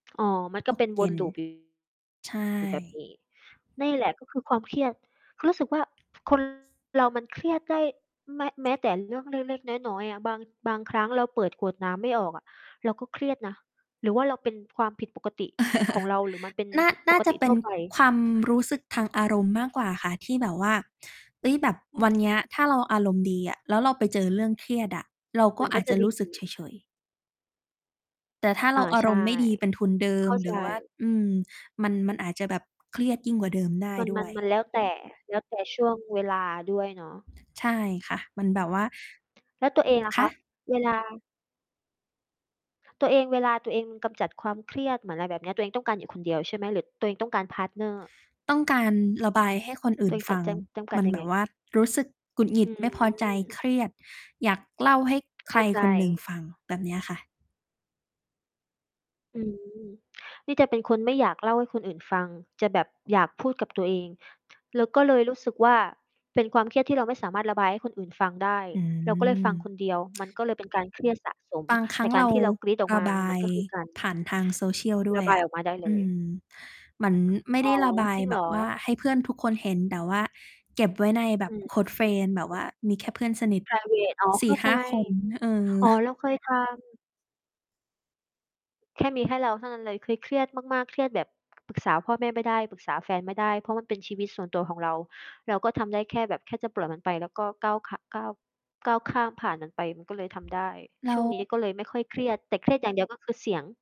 อ๋อ มันกต็ เปก็น เยว็น น loop อยู่ ใชอยู่แบบ่ นี้ นี่แหละก็คือความเครียด คือรู้สึกว่า คน เรามันเครียดได้ แม้ แม้แต่เรื่องเล็ก ๆ น้อย ๆ อะ บาง บางครั้งเราเปิดขวดน้ำไม่ออกอะ เราก็เครียดนะ หรือว่า เรา เป็นความผิดปกติของเรา หรือมันเป็นน่า นป่ากจตะิเป็ทั่นวไป ความรู้สึกทางอารมณ์มากกว่าค่ะ ที่แบบว่า เฮ้ย แบบอืวัน เนีม ้ย ถ้าเราอารมณ์ดีอะ แล้วเราไปเจอเรื่องเครียดอะ เรากม็ันอก็ าจจจะะดรี ู้สึกเฉย ๆ แต่ถ้าเอรา าอาใชร่ มณ์ไม่ดีเป็นทุนเดิเขม ้าหรใือว่า จ อืม มัน มันอาจจะแบบเครียดยิ่งกว่าเดิมได้มัน ดม้ัวน ย มันแล้วแต่ แล้วแต่ช่วงเวลาด้วยเนาะ ใช่ค่ะ มันแบบว่า แล้วตัวเอง ล่ะคคะ? ะ เวลา ตัวเอง เวลาตัวเองกำจัดความเครียด เหมือนอะไรแบบเนี้ย ตัวเองต้องการอยู่คนเดียวใช่ไหม? หรือตัวเองต้องการ พาร์ตเนอร์ ต้องการระบายให้คนอตื่ัวนเองฟกััด ง จำ จำกัมด ันยัแงบไง? บว่ารู้สึกกุดหงิอด ืไม่พอใจ ม เครียด อยากเล่าให้ใเขค้ราใจ คนหนึ่งฟัง แบบเนี้ยค่ะ อืม นี่จะเป็นคนไม่อยากเล่าให้คนอื่นฟัง จะแบบอยาก พูดกับตัวเอง แล้วก็เลยรู้สึกว่า เป็นความเครียดที่เราไม่สามารถระบายให้คนอื่นฟังได้ อืเราก็เลยฟัม งคนเดียว มันก็เลยเป็น การเครียดสะสม บางครแัต้่งกเารราที่เรากรี๊ดออกระมา บามันยก็ คือการ ผ่านทาง Social ด้รวะยบอายะ ออกมา ได้เอลืย ม เหมือนไม่อ๋ไอ ด้ระบายจริงแเบหรบอ? ว่าให้เพื่อนทุกคนเห็น แต่ว่าเก็บไว้ในแบอบ ือฮึ close friend แบบว่ามีแค่เพื่อนสนิท ไพรเวต อ๋อ สเีข่้าหใ้จ า คนนะ เออ อ๋อ เรา เคยทำ แค่มีแค่เราเท่านั้นเลย คือเครียดมาก ๆ เครียดแบบ ปรึกษาพ่อแม่ไม่ได้ ปรึกษาแฟนไม่ได้ เพราะมันเป็น ชีวิตส่วนตัวของเรา เราก็ทำได้แค่แบบแค่จะปล่อยมันไป แล้วก็ก้าว ข ก้าวข้ามผ่านมันไป มันก็เลยทำได้ แลช้่ว วงนี้ก็เลยไม่ค่อยเครียด แต่เครียดอย่างเดียว ก็คือเสียง